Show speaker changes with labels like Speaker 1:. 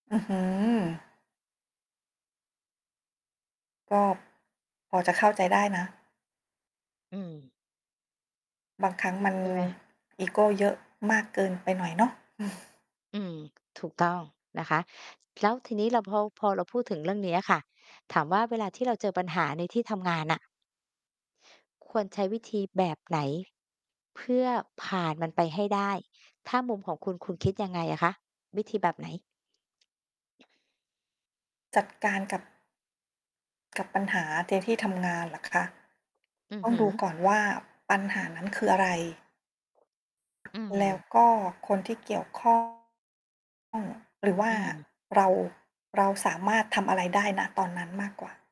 Speaker 1: อื้อฮือ ก็ พอจะเข้าใจได้นะ
Speaker 2: อืม
Speaker 1: บางครั้งมัน
Speaker 2: ใช่ไหม?
Speaker 1: อีโก้เยอะมากเกินไปหน่อยเนาะ
Speaker 2: อืม ถูกต้องนะคะ แล้วทีนี้เราพอ พอเราพูดถึงเรื่องเนี้ยค่ะ ถามว่า เวลาที่เราเจอปัญหาในที่ทำงานน่ะ ควรใช้วิธีแบบไหน เพื่อผ่านมันไปให้ได้ ถ้ามุมของคุณ คุณคิดยังไงอะคะ วิธีแบบไหน?
Speaker 1: จัดการกับ กับปัญหา เจอที่ทำงานเหรอคะ?
Speaker 2: อื
Speaker 1: ต
Speaker 2: อ
Speaker 1: ้อ
Speaker 2: ฮ
Speaker 1: ง
Speaker 2: ึ
Speaker 1: ดูก่อนว่า ปัญหานั้นคืออะไร?
Speaker 2: อืม
Speaker 1: แล้วก็คนที่เกี่ยว ข้อง หรือว่
Speaker 2: อ
Speaker 1: า
Speaker 2: ืม
Speaker 1: เรา เราสามารถทำอะไรได้ ณ ตอนนั้นมากกว่า